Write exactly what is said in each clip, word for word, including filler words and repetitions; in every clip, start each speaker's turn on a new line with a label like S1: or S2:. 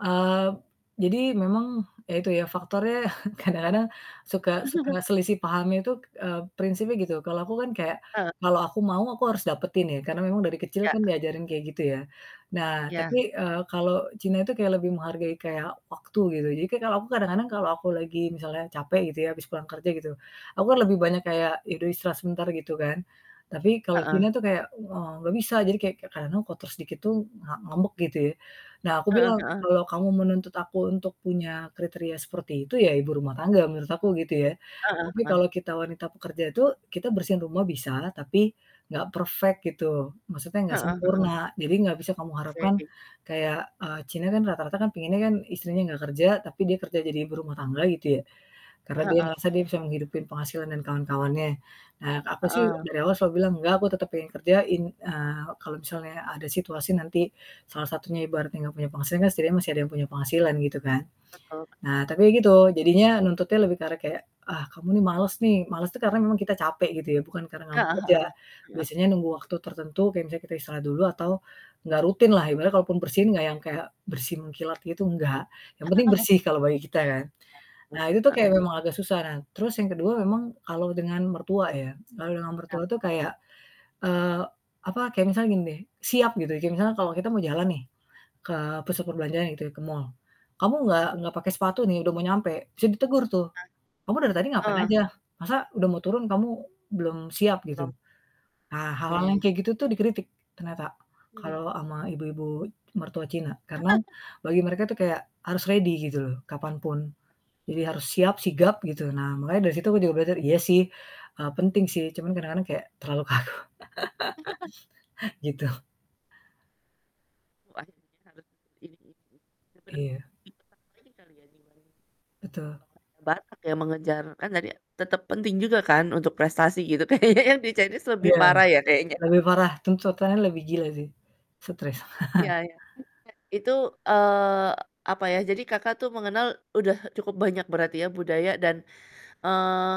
S1: Eee, p jadi memang ya itu ya faktornya kadang-kadang suka suka selisih paham itu k eee, prinsipnya gitu. Kalau aku kan kayak,
S2: Eee
S1: kalau aku mau aku harus dapetin ya karena memang dari kecil kan
S2: Iya.
S1: diajarin kayak gitu ya. Nah
S2: Iya.
S1: tapi, eee, kalau Cina itu kayak lebih menghargai kayak waktu gitu, jadi kayak kalau aku kadang-kadang kalau aku lagi misalnya capek gitu ya habis pulang kerja gitu. Aku kan lebih banyak kayak ya udah istirahat sebentar gitu kan, tapi kalau Cina
S2: Heeh.
S1: itu kayak, eee, gak bisa jadi kayak kek karena kotor sedikit tuh nga ngambek gitu ya. Nah aku
S2: Heeh
S1: bilang,
S2: heeh.
S1: "Kalau kamu menuntut aku untuk punya kriteria seperti itu ya ibu rumah tangga menurut aku," gitu ya.
S2: Heeh
S1: Tapi
S2: heeh.
S1: kalau kita wanita pekerja itu kita bersihin rumah bisalah, tapi gak perfect gitu, maksudnya gak
S2: Heeh heeh.
S1: sempurna. Jadi gak bisa kamu harapkan
S2: Oke.
S1: kayak eee, Cina kan rata-rata pengennya kan istrinya gak kerja, tapi dia kerja jadi ibu rumah tangga gitu ya. Karna dia
S2: Heeh.
S1: ngerasa dia bisa menghidupi penghasilan dan kawan-kawannya. Nah aku sih
S2: Heeh.
S1: dari awal selalu bilang, "Enggak, aku tetep pengen kerjain," eee, kalau misalnya ada situasi nanti salah satunya ibaratnya gak punya penghasilan kan setidaknya masih ada yang punya penghasilan gitu kan.
S2: Betul.
S1: Nah tapi gitu, jadinya nuntutnya lebih ke arah kayak, "Ah kamu ini males nih," males tuh karena memang kita capek gitu ya bukan karena gak mau
S2: Heeh
S1: kerja,
S2: heeh. Heeh.
S1: biasanya nunggu waktu tertentu kayak misalnya kita istirahat dulu atau enggak rutinlah, ibaratnya kalaupun bersin enggak yang kayak bersih mengkilat gitu, enggak. Yang penting bersih kalau bagi kita kan.
S2: [unintelligible]
S1: Nah itu tuh kayak
S2: Heeh.
S1: memang agak susah. Nah terus yang kedua memang kalau dengan mertua ya, kalau dengan
S2: Ya.
S1: mertua tuh kayak, eee, apa, kayak misalnya gini deh, siap gitu. Kayak misal kalau kita mau jalan nih ke pasat perbelanjaan gitu ya, ke mall. "Kamu gak gak pake sepatu nih? Udah mau nyampe," bisa ditegur tuh, "Kamu dari tadi ngapain
S2: Ah. Eh.
S1: aja? Masa udah mau turun kamu belum siap gitu?"
S2: Serem.
S1: Ah, hal-hal yang
S2: Oke.
S1: kayak gitu tuh dikritik ternyata
S2: Mmm.
S1: kalau ama
S2: Mhm.
S1: ibu-ibu mertua Cina, karena bagi mereka tuh kayak harus ready gitu loh kapan pun. Jadi harus siap, sigap gitu. Nah makanya dari situ aku juga belajar, iya sih, eee, penting sih cuman kadang-kadang kayak terlalu kaku. Gitu.
S2: [unintelligible]
S1: Iya.
S2: Ini kali ya, dibanding
S1: Betul.
S2: [unintelligible] banget ya mengejar kan tadi tetep penting juga kan untuk prestasi gitu kayaknya yang di Chinese lebih
S1: Iya,
S2: parah ya kayaknya.
S1: lebih parah, tuntutannya lebih gila sih.
S2: M
S1: Stres.
S2: iya iya, [unintelligible] itu, eee, apa ya, jadi Kakak tuh mengenal udah cukup banyak berarti ya budaya dan, eee,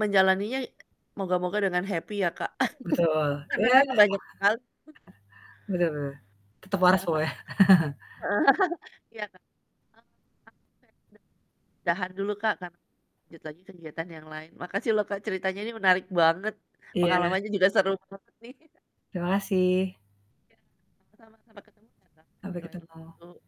S2: menjalaninya i moga-moga dengan happy ya Kak,
S1: Betul.
S2: karena
S1: Iya.
S2: kan banyak sekali
S1: Bener bener. Tetap waras
S2: Heeh.
S1: pokoknya.
S2: Heeh. Iya Kak. [unintelligible] dahar dulu Kak, karena lanjut lagi kegiatan yang lain. Makasih loh Kak ceritanya ini menarik banget,
S1: Iya.
S2: pengalamannya juga seru banget nih.
S1: Terima kasih.
S2: Iya, sama-sama. Sampai ketemu ya Kak, di
S1: Sampai
S2: lain
S1: ketemu.
S2: waktu.